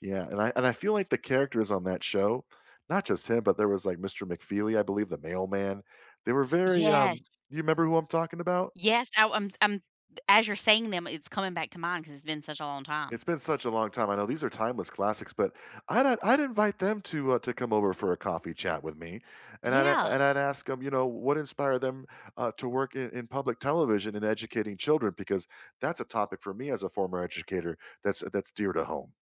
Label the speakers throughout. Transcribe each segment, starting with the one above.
Speaker 1: Yeah, and I and I feel like the characters on that show, not just him, but there was, like, Mr. McFeely, I believe, the mailman, they were very,
Speaker 2: Yes.
Speaker 1: um, do you remember who I'm talking about?
Speaker 2: Yes, I I'm I'm as you're saying them, it's coming back to mind 'cause it's been such a long time.
Speaker 1: It's been such a long time. I know these are timeless classics, but I'd I'd invite them to, uh, to come over for a coffee chat with me, and I'd
Speaker 2: Yeah.
Speaker 1: and I'd ask 'em, you know, what inspired them, uh, to work in in public television and educating children because that's a topic for me as a former educator that's that's dear to home.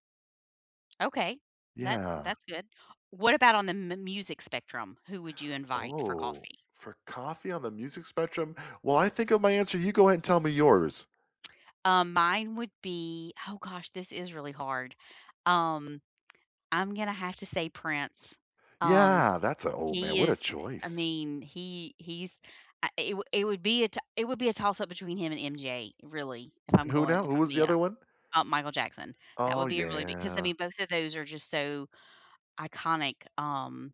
Speaker 2: Okay. That
Speaker 1: Yeah.
Speaker 2: that's good. What about on the mu music spectrum? Who would you invite for
Speaker 1: Oh,
Speaker 2: coffee?
Speaker 1: for coffee on the music spectrum. While I think of my answer, you go ahead and tell me yours.
Speaker 2: Um, mine would be oh gosh, this is really hard. Um, I'm gonna have to say Prince. Um,
Speaker 1: Yeah, that's a oh man,
Speaker 2: he
Speaker 1: what a
Speaker 2: is, I
Speaker 1: choice.
Speaker 2: mean, he he's, uh, it would it would be a t it would be a toss-up between him and MJ really, if I'm
Speaker 1: And who
Speaker 2: going
Speaker 1: now?
Speaker 2: if
Speaker 1: Who
Speaker 2: I'm
Speaker 1: was the
Speaker 2: being
Speaker 1: other one?
Speaker 2: ho uh, Michael Jackson. That
Speaker 1: Oh
Speaker 2: would be a really big 'cause I
Speaker 1: yeah.
Speaker 2: mean, both of those are just so iconic, um.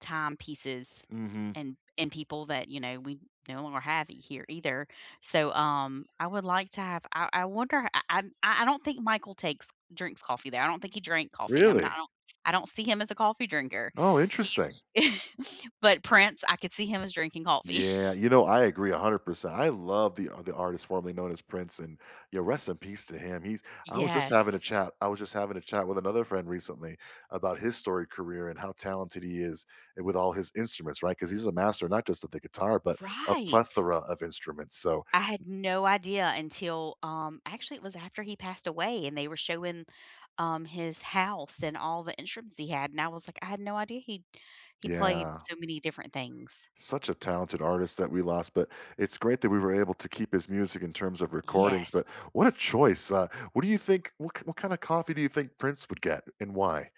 Speaker 2: Timepieces
Speaker 1: Mhm.
Speaker 2: and and people that, you know, we no longer have it here either. So, um, I would like to have I I wonder I I I I don't think Michael takes drinks coffee there. I don't think he drank coffee. I'm not I
Speaker 1: Really?
Speaker 2: don't I don't see him as a coffee drinker.
Speaker 1: Oh, interesting.
Speaker 2: He's but Prince, I could see him as drinking coffee.
Speaker 1: Yeah, you know, I agree 100%. I love the the artist formerly known as Prince, and, yeah, rest in peace to him. He's I was just having a
Speaker 2: Yes.
Speaker 1: chat I was just having a chat with another friend recently about his storied career and how talented he is with all his instruments, right, 'cause he's a master, not just of the guitar, but a
Speaker 2: Right.
Speaker 1: plethora of instruments, so
Speaker 2: I had no idea until, um, actually it was after he passed away and they were showing, um, his house and all the instruments he had and I was like, "I had no idea he he played
Speaker 1: Yeah.
Speaker 2: so many different things."
Speaker 1: Such a talented artist that we lost, but it's great that we were able to keep his music in terms of recordings, but
Speaker 2: Yes.
Speaker 1: what a choice. Uh, what do you think, what k what kinda coffee do you think Prince would get and why?